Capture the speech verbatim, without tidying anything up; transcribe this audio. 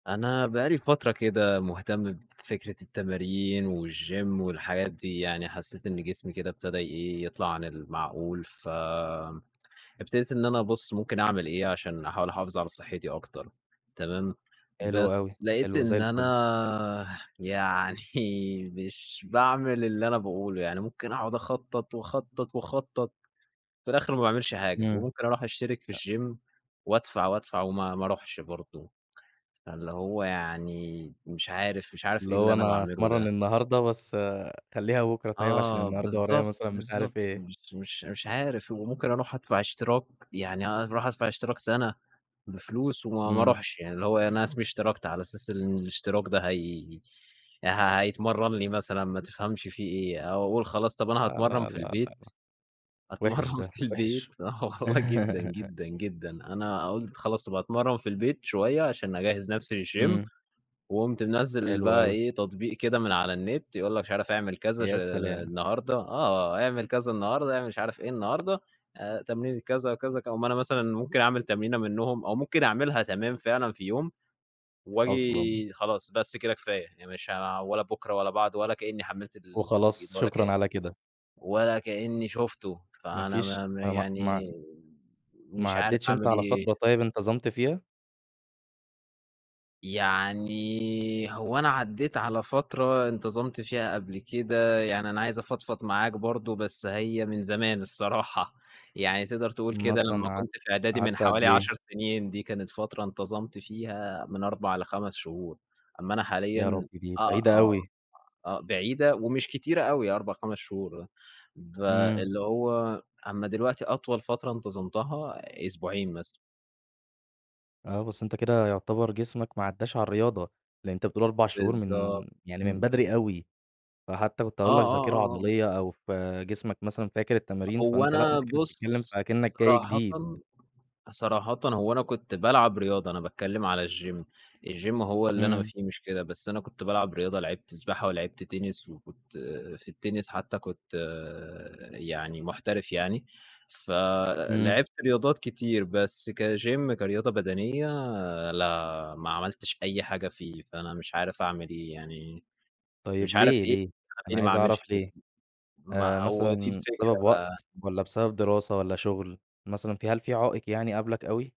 أنا بقى لي فترة كده مهتم بفكرة التمارين والGYM والحاجات دي، يعني حسّيت إن جسمي كده ابتدى إيه يطلع عن المعقول، ف ابتديت إن أنا أبص ممكن أعمل إيه، عشان أحاول أحافظ على صحتي أكتر، تمام؟ حلو أوي، بس لقيت حلو زي إن الفل. أنا يعني مش باعمل اللي أنا باقوله، يعني ممكن أقعد أخطط وأخطط، وأخطط، في الآخر ما باعملش حاجة، إمم. وممكن أروح أشترك في أ الGYM وأدفع، وأدفع وما ما أروحش برضو. فاللي هو يعني مش عارف مش عارف اللي إيه اللي هو أنا أنا باعمله هاتمرن ده. النهارده بس خليها بُكرة طيب عشان آه، النهارده ورايَّا بالضبط، مثلًا مش بالضبط، عارف إيه. مش مش مش عارف، وممكن أروح أدفع اشتراك، يعني أنا أروح أدفع اشتراك سنة بفلوس وما ما إمم. أروحش، يعني اللي هو أنا اسمي اشتركت، على أساس إن الاشتراك ده هي ه هيتمرن لي مثلًا، ما تفهمش في إيه! أو أقول خلاص طب أنا لا، هأتمرن لا، لا، في لا، البيت، لأ، وحش أتمرّن ده، في البيت وحش! آه والله جدًا، جدًا، جدًا. أنا قلت خلاص طب هاتمرن في البيت شوية؛ عشان أجهز نفسي للGYM. إمم. وقمت منزّل حلو بقى أوي. إيه؟ تطبيق كده من على النت، يقول لك مش عارف أعمل كذا، [unintelligible] يا سلام! النهارده، آه، أعمل كذا النهارده، أعمل مش عارف إيه النهارده، آآ، تمرين الكذا أو كذا. اقوم أنا مثلًا ممكن أعمل تمرينة منهم، أو ممكن أعملها تمام فعلًا في يوم أصلًا! وآجي خلاص بس كده كفاية، يعني مش عا ولا بُكرة ولا بعده ولا كأني حملت التطبيق وخلاص، ولا شكرًا كان. على كده. ولا كأني شُفته. ما فأنا فيش ما ما ما ما مع يعني ما مش عارف عديتش أنت أعمل على إيه؟ فترة طيب انتظمت فيها؟ يعني، هو أنا عديت على فترة انتظمت فيها قبل كده، يعني أنا عايز أفضفض معاك برضو، بس هي من زمان الصراحة، يعني تقدر تقول كده مثلًا لمّا قعدت كنت في إعدادي قعدت من قد حوالي إيه؟ عشر سنين، دي كانت فترة انتظمت فيها من أربع لخمس شهور. أمّا أنا يا حاليًا ربي، دي آه، بعيدة آه، أوي! آه بعيدة ومش كتيرة أوي أربع، خمس شهور، آه. ب إمم. اللي هو أمّا دلوقتي أطول فترة انتظمتها أسبوعين مثلًا. آه بس أنت كده يعتبر جسمك ما عداش على الرياضة؛ لأن أنت بتقول أربع شهور من بالضبط، يعني من إمم. بدري أوي، فحتى كنت آه، هاقول لك آه، آه، ذاكرة آه. عضلية أو ف جسمك مثلًا فاكر التمارين، هو فأنت لأ، أنا أنت كده بتتكلم في بُص أكنك جاي صراحةً جديد. صراحةً هو أنا كنت بالعب رياضة، أنا باتكلم على الGYM، الGYM هو اللي أنا ما إمم. في مشكلة. بس أنا كنت بالعب رياضة. لعبت سباحة ولعبت تنس، وكنت في التنس حتّى كنت يعني محترف يعني، إمم. فلعبت رياضات كتير، بس كGYM كرياضة بدنية لا، ما عملتش أي حاجة فيه، فأنا مش عارف أعمل إيه يعني؟ طيب مش عارف ليه، إيه اللي ليه، أنا يخلّيني ما عايز اعملش أعرف كده؟ ليه؟ آآ، ما هو دي مثلًا الفكرة بسبب وقت بقى. والّا بسبب دراسة والّا شغل، مثلًا في هل في عائق يعني قابلك أوي؟